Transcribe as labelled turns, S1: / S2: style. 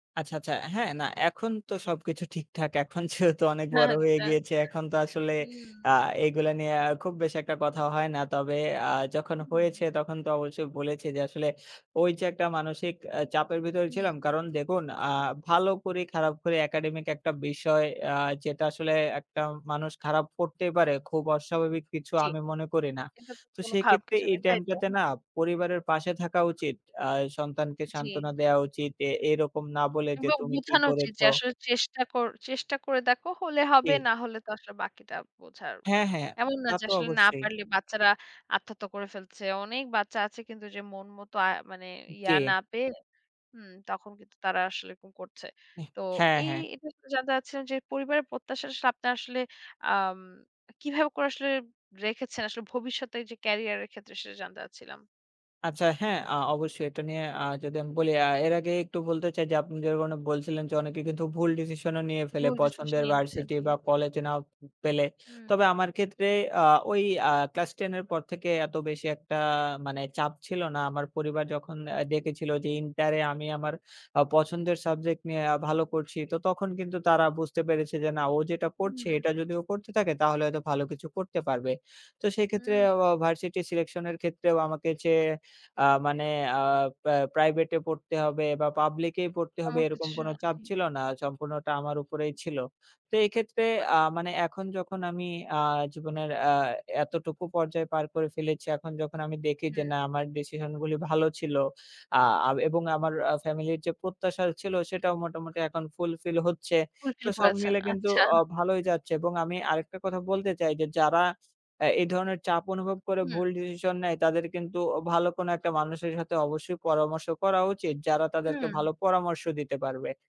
S1: আচ্ছা, আচ্ছা। হ্যাঁ, না এখন তো সবকিছু ঠিকঠাক। এখন যেহেতু অনেক বড় হয়ে
S2: আচ্ছা।
S1: গিয়েছি। এখন তো আসলে আ
S2: উম
S1: এগুলা নিয়ে আ খুব বেশি একটা কথা হয় না। তবে আ যখন
S2: উম
S1: হয়েছে তখন তো অবশ্যই বলেছে, যে আসলে ওই যে একটা মানসিক আ চাপের ভিতরে
S2: হুম।
S1: ছিলাম, কারণ দেখুন আ ভালো খারাপ করি, খারাপ করি, academic একটা বিষয় আ যেটা আসলে একটা মানুষ খারাপ করতেই পারে। খুব অস্বাভাবিক কিছু
S2: জি।
S1: আমি মনে করি না।
S2: এটা তো
S1: তো
S2: কোনো খারাপ
S1: সেক্ষেত্রে
S2: কিছু
S1: এই
S2: নেই, তাই তো?
S1: টাইমটাতে না
S2: হুম।
S1: পরিবারের পাশে থাকা উচিত। আ সন্তানকে সান্ত্বনা
S2: জি।
S1: দেওয়া উচিত। এ এরকম না বলে যে
S2: এবং
S1: তুমি কি
S2: বোঝানো উচিত
S1: করেছো?
S2: যে আসলে চেষ্টা কর চেষ্টা করে দেখো হলে হবে,
S1: জি।
S2: না হলে তো আসলে বাকিটা বোঝার।
S1: হ্যাঁ, হ্যাঁ,
S2: এমন না
S1: তা
S2: যে
S1: তো
S2: আসলে না
S1: অবশ্যই।
S2: পারলে বাচ্চারা আত্মহত্যা করে ফেলছে। অনেক বাচ্চা আছে কিন্তু যে মন মতো আ মানে ইয়া
S1: জি।
S2: না পেয়ে হুম তখন কিন্তু তারা আসলে এরকম করছে।
S1: এহ
S2: তো
S1: হ্যাঁ,
S2: এই
S1: হ্যাঁ।
S2: এটা জানতে চাচ্ছিলাম যে পরিবারের প্রত্যাশার সামনে আসলে আম কিভাবে করে আসলে রেখেছেন? আসলে ভবিষ্যতের যে career এর ক্ষেত্রে সেটা জানতে চাচ্ছিলাম।
S1: আচ্ছা, হ্যাঁ। আ অবশ্যই এটা নিয়ে আ যদি আমি বলি, আ এর আগে একটু বলতে চাই, যে আপনি যেরকমটা বলছিলেন যে অনেকে কিন্তু ভুল ডিসিশন ও নিয়ে ফেলে
S2: ভুল ডিসিশন
S1: পছন্দের
S2: নিচ্ছে।
S1: ভার্সিটি
S2: জি।
S1: বা কলেজ নাও পেলে। তবে
S2: হু।
S1: আমার ক্ষেত্রে আ ওই আ ক্লাস 10 এর পর থেকে এত বেশি একটা মানে চাপ ছিল না। আমার পরিবার যখন আ
S2: জি।
S1: দেখেছিল যে ইন্টারে আমি আমার আ পছন্দের সাবজেক্ট নিয়ে আ ভালো করছি। তো তখন কিন্তু তারা বুঝতে পেরেছে যে না ও যেটা পড়ছে
S2: হুম।
S1: এটা যদি ও পড়তে থাকে তাহলে হয়তো ভালো কিছু করতে পারবে। তো সেক্ষেত্রে
S2: উম
S1: অ অ ভার্সিটি সিলেকশন এর ক্ষেত্রেও আমাকে চেয়ে আ মানে আ প্রা প্রাইভেট পড়তে হবে বা পাবলিক এই পড়তে হবে
S2: আমার
S1: এরকম
S2: কিছু
S1: কোন
S2: না,
S1: চাপ
S2: জি।
S1: ছিল না। সম্পূর্ণটা আমার উপরেই
S2: উম
S1: ছিল। তো এক্ষেত্রে
S2: বাহ!
S1: আ মানে এখন যখন আমি আ জীবনের আ এতটুকু পর্যায়ে পার করে ফেলেছি, এখন যখন আমি দেখি যে
S2: হুম।
S1: না আমার ডিসিশন গুলি ভালো ছিল, আ আ বে এবং আমার আ ফ্যামিলি যে প্রত্যাশা ছিলো সেটাও মোটামুটি এখন fulfill হচ্ছে। তো
S2: fulfill
S1: সব
S2: করেছেন।
S1: মিলে কিন্তু
S2: আচ্ছা।
S1: অ ভালোই যাচ্ছে এবং আমি আরেকটা কথা বলতে চাই, যে যারা অ্যা এই ধরনের চাপ অনুভব করে
S2: হুম।
S1: ভুল ডিসিশন নেয়, তাদের কিন্তু ভালো কোনো একটা মানুষের সাথে অবশ্যই পরামর্শ করা উচিত যারা তাদেরকে
S2: হুম।
S1: ভালো পরামর্শ দিতে পারবে।